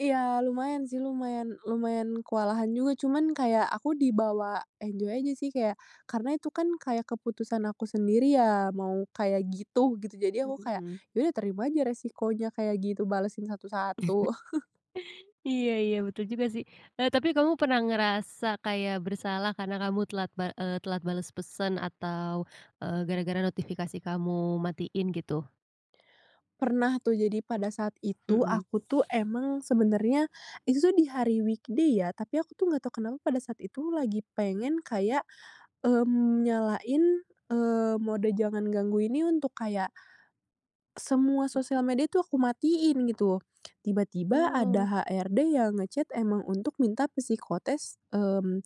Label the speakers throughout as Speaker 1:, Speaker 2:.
Speaker 1: Iya, lumayan sih, lumayan lumayan kewalahan juga. Cuman kayak aku dibawa enjoy aja, sih. Kayak karena itu kan kayak keputusan aku sendiri ya mau kayak gitu gitu. Jadi, aku kayak,
Speaker 2: Mmm.
Speaker 1: "Ya udah terima aja resikonya," kayak gitu, balasin satu-satu.
Speaker 2: Iya iya, betul juga, sih. Eee, tapi kamu pernah ngerasa kayak bersalah karena kamu telat bal eee, telat bales pesan atau, eee, gara-gara notifikasi kamu matiin, gitu?
Speaker 1: Pernah, tuh. Jadi, pada saat itu
Speaker 2: Mmm.
Speaker 1: aku tuh emang sebenarnya itu tuh di hari weekday, ya. Tapi aku tuh nggak tahu kenapa pada saat itu lagi pengen kayak, mmm, nyalain, eee, mode jangan ganggu ini untuk kayak semua
Speaker 2: Mmm.
Speaker 1: sosial media itu aku matiin, gitu. Tiba-tiba,
Speaker 2: Oh.
Speaker 1: ada HRD yang nge-chat emang untuk minta psikotes, mmm,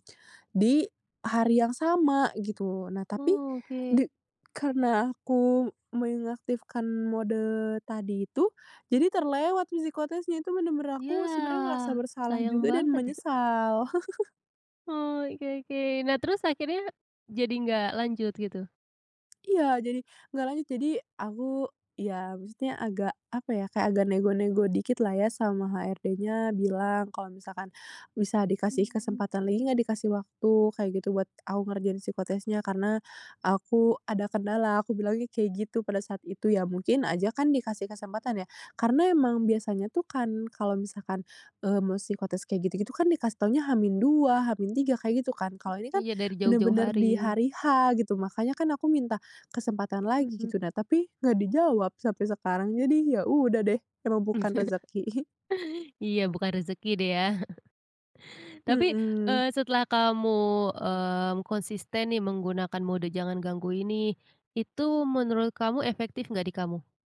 Speaker 1: di hari yang sama, gitu. Nah, tapi,
Speaker 2: Oh, oke.
Speaker 1: de karena aku mengaktifkan mode tadi itu, jadi terlewat psikotesnya. Itu benar-benar aku sebenarnya ngerasa
Speaker 2: Yah,
Speaker 1: bersalah
Speaker 2: sayang
Speaker 1: juga dan
Speaker 2: banget, ya.
Speaker 1: menyesal.
Speaker 2: Oh, oke oke. Nah, terus akhirnya jadi nggak lanjut, gitu?
Speaker 1: Iya, jadi, nggak lanjut. Jadi, aku ya maksudnya agak, apa ya, kayak agak nego-nego dikit lah ya sama HRD-nya. Bilang, kalau misalkan, "Bisa dikasih
Speaker 2: Mmm.
Speaker 1: kesempatan lagi nggak, dikasih waktu," kayak gitu, "buat aku ngerjain psikotesnya? Karena, aku ada kendala." Aku bilangnya kayak gitu pada saat itu. Ya, mungkin aja kan dikasih kesempatan, ya. Karena emang biasanya tuh kan kalau misalkan, mmm, psikotes kayak gitu-gitu kan dikasih taunya H-2, H-3 kayak gitu, kan.
Speaker 2: Mmm,
Speaker 1: Kalau ini kan
Speaker 2: iya, dari jauh-jauh
Speaker 1: benar-benar di
Speaker 2: hari.
Speaker 1: hari H gitu. Makanya kan aku minta kesempatan lagi,
Speaker 2: Mhm.
Speaker 1: gitu. Nah, tapi, nggak dijawab sampai sekarang. Jadi, ya udah, deh. Emang bukan rezeki.
Speaker 2: Iya, bukan rezeki deh, ya. Tapi,
Speaker 1: Mmm.
Speaker 2: eee, setelah kamu, mmm, konsisten nih menggunakan mode jangan ganggu ini, itu menurut kamu efektif nggak di kamu?